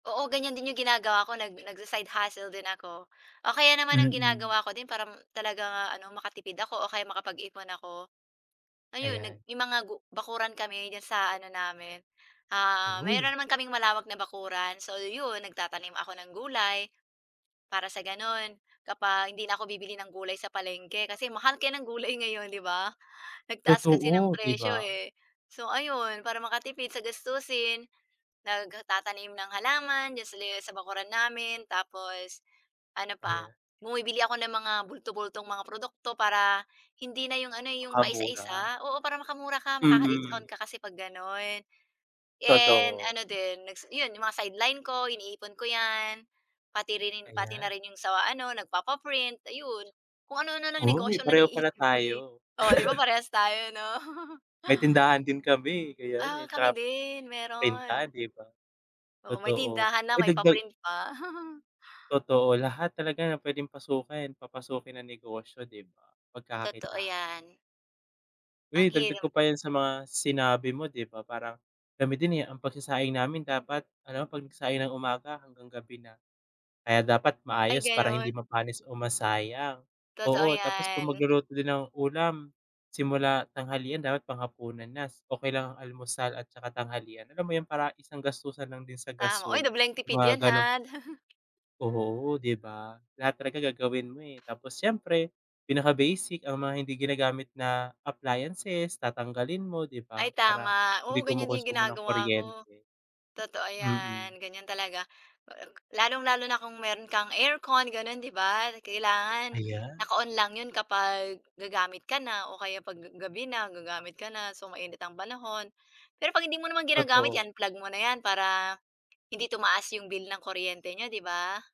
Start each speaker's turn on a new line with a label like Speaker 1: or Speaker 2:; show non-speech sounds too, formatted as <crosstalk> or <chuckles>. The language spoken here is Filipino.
Speaker 1: Oo ganyan din yung ginagawa ko nag nag-sa-side hustle din ako. O kaya naman ang
Speaker 2: Mm.
Speaker 1: ginagawa ko din para talagang makatipid ako o kaya makapag-ipon ako, ayun, nag
Speaker 2: Ayan.
Speaker 1: yung mga bakuran kami diyan sa ano namin, ah,
Speaker 2: Uy.
Speaker 1: mayroon naman kaming malawak na bakuran so yun, nagtatanim ako ng gulay. Para sa ganun, kapag hindi na ako bibili ng gulay sa palengke kasi mahal kaya ng gulay ngayon 'di ba? Nag-taas kasi ng
Speaker 2: Totoo di
Speaker 1: presyo
Speaker 2: ba?
Speaker 1: eh. So ayun, para makatipid sa gastusin, nagtatanim ng halaman diyan sa bakuran namin tapos, ano pa,
Speaker 2: Ayan.
Speaker 1: bumibili ako ng mga bulto-bultong mga produkto para hindi na yung ano, yung
Speaker 2: Tsaka mura.
Speaker 1: paisa-isa oo para makamura ka, maka-discount
Speaker 2: Mm.
Speaker 1: ka kasi pag ganun. And
Speaker 2: Totoo.
Speaker 1: ano din, yun yung mga sideline ko iniipon ko yan. Pati rin pati na
Speaker 2: Ayan.
Speaker 1: rin yung sa ano, nagpapa-print ayun, kung ano-ano ng
Speaker 2: Uy
Speaker 1: negosyo na
Speaker 2: pareho pala
Speaker 1: naiisip ko eh,
Speaker 2: tayo.
Speaker 1: oo 'di ba
Speaker 2: <laughs>
Speaker 1: parehas tayo 'no.
Speaker 2: May
Speaker 1: <chuckles>
Speaker 2: tindahan din kami eh kaya
Speaker 1: Ah,
Speaker 2: eh,
Speaker 1: kami
Speaker 2: tsaka,
Speaker 1: din
Speaker 2: printan
Speaker 1: meron.
Speaker 2: di ba?
Speaker 1: Oo may
Speaker 2: Totoo,
Speaker 1: tindahan na
Speaker 2: uy
Speaker 1: may
Speaker 2: dagdag
Speaker 1: pa-print pa. <chuckles>
Speaker 2: Totoo lahat talaga ng pwedeng pasukin papasukin ng negosyo di ba?
Speaker 1: Totoo
Speaker 2: Pagkaka-kitaan.
Speaker 1: yan. Ang
Speaker 2: Uy dagdag
Speaker 1: hirap.
Speaker 2: ko pa yan sa mga sinabi mo di ba parang, kami din eh, ang pagsasaing namin dapat alam mo pag nag-saing ng umaga hanggang gabi na. Kaya dapat
Speaker 1: Ay
Speaker 2: maayos para hindi
Speaker 1: ganun.
Speaker 2: mapanis o masayang,
Speaker 1: Totoo
Speaker 2: oo tapos kung
Speaker 1: 'yan.
Speaker 2: mag-luluto din ng ulam, simula tanghalian dapat pang-hapunan na okey lang almusal at saka tanghalian alam mo yun parang isang gastusan lang din sa
Speaker 1: Tama uy,
Speaker 2: gasul
Speaker 1: dobleng tipid
Speaker 2: mga
Speaker 1: 'yan ha.
Speaker 2: ganun
Speaker 1: <chuckles>
Speaker 2: Oo di ba? Lahat talaga gagawin mo eh tapos siyempre, pinaka-basic ang mga hindi ginagamit na appliances tatanggalin mo di
Speaker 1: Ay
Speaker 2: ba, para
Speaker 1: tama,
Speaker 2: hindi
Speaker 1: oo ganyan din
Speaker 2: kumukonsumo ng
Speaker 1: ginagawa ko.
Speaker 2: kuryente.
Speaker 1: Totoo
Speaker 2: Hmm.
Speaker 1: 'yan ganyan talaga. Lalong-lalo na kung meron kang aircon gano'n 'di ba kailangan
Speaker 2: Ayan.
Speaker 1: naka-on lang 'yun kapag gagamit ka na o kaya 'pag gabi na, gagamit ka na so mainit ang panahon. Pero 'pag hindi mo naman ginagamit
Speaker 2: Totoo.
Speaker 1: 'yan unplug mo na 'yan para hindi tumaas 'yong bill ng kuryente niyo 'di ba?